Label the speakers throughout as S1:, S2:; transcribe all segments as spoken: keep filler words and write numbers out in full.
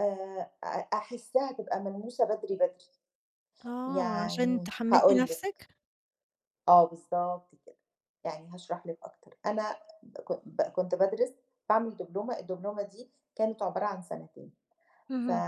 S1: آآ أ أحسّها تبقى ملموسة بدري، بدري.
S2: آه، عشان
S1: يعني
S2: تحمّسي
S1: هاقول لِك
S2: نَفْسِك؟
S1: آه، بالضبط كده. يعني هاشرح لِك أكتر. أنا ك ب كنت بادرِس، باعمل دبلومة، الدبلومة دي كانت عبارة عن سَنتين، ف
S2: اهم.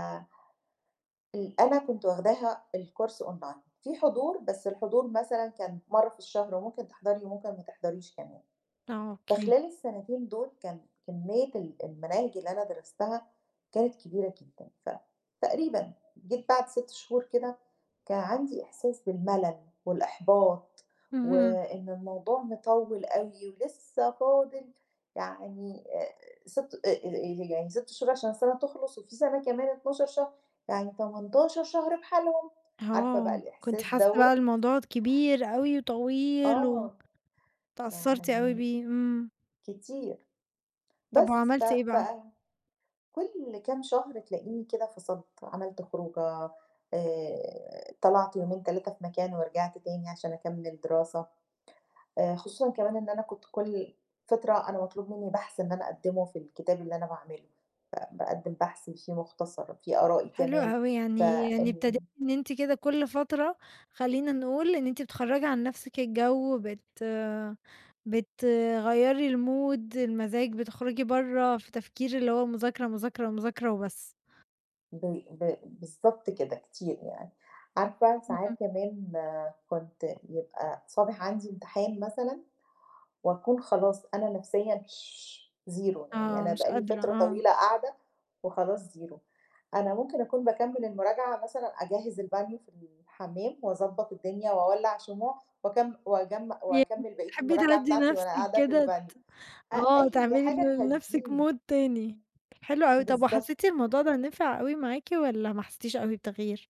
S1: ال أنا كنت واخداها الكورس أونلاين. فيه حضور، بس الحضور مثلًا كان مرّة في الشهر، وممكن تحضري وممكن ما تحضّريش كمان.
S2: آه، أوكي.
S1: فخلال السَنتين دُول كان كمّية ال المناهج اللي أنا درستها كانت كبيرة جدًا. فتقريبًا جيت بعد سِت شهور كده، كان عندي إحساس بالمَلَل والإحباط،
S2: اهم.
S1: وإن الموضوع مِطوِّل أوي ولسّه فاضل يعني آآ سِت آآ ي يعني سِت شهور عشان السَنة تخلص، وفي سَنة كمان اتناشر شهر، يعني تمنتاشر شهر بحالهم، عارفة بقى
S2: آه، كنتِ
S1: الإحساس
S2: حاسّة
S1: دوّة؟
S2: بقى الموضوع كبير أوي وطويل و
S1: آه.
S2: تأثّرتِ أوي
S1: يعني
S2: بيه، إمم.
S1: كتير.
S2: طَب
S1: بس، ف
S2: وعملتِ إيه
S1: ف
S2: بقى؟
S1: كل كام شهر تلاقيني كده فصلت، عملت خروجة، آآ طلعت يومين، تلاتة في مكان ورجعت تاني عشان أكمِّل دراسة. آآ خصوصًا كمان إن أنا كنت كل فترة أنا مطلوب منّي بَحْث إن أنا أقدِّمه في الكتاب اللي أنا باعمله. فباقدّم بحث فيه مُختصر، فيه آرائي
S2: حلو
S1: كمان،
S2: أوي، يعني يعني ابتديتِ
S1: فإن
S2: إن أنتِ كده كل فترة خلّينا نقول إن أنتِ بتخرّجي عن نَفْسِك الجو، بت بتغيّري الmood، المزاج، بتخرُجي برّه في تفكير اللي هو مذاكرة، مذاكرة، مذاكرة وبس.
S1: ب ب بالضبط كده، كتير يعني. عارفة،
S2: إمم.
S1: ساعات كمان كنت يبقى صابح عندي امتحان مثلًا وأكون خلاص أنا نَفْسيًا zero، يعني
S2: آه،
S1: أنا
S2: مش
S1: بقى لي
S2: قادرة،
S1: فترة
S2: آه.
S1: طويلة قاعدة وخلاص zero. أنا ممكن أكون باكمِّل المراجعة مثلًا أجهِّز البانيو في الحمّام وأضبّط الدنيا وأولَّع شموع، وأكم وأجم
S2: يعني
S1: وأكمِّل بقية
S2: بتحبّي
S1: المراجعة
S2: تهدّي
S1: بتاعتي وأنا
S2: نَفْسِك
S1: قاعدة في
S2: كده،
S1: البانيو.
S2: ت
S1: أ
S2: آه،
S1: أي
S2: تعملي
S1: حاجة
S2: ل لنَفْسِك
S1: تهدّيني.
S2: mood تاني.
S1: إمم.
S2: حلو أوي. طَب
S1: بالضبط.
S2: وحسّيتِ الموضوع ده نِفِع أوي معاكِ والّا ما حسّتيش أوي بتغيير؟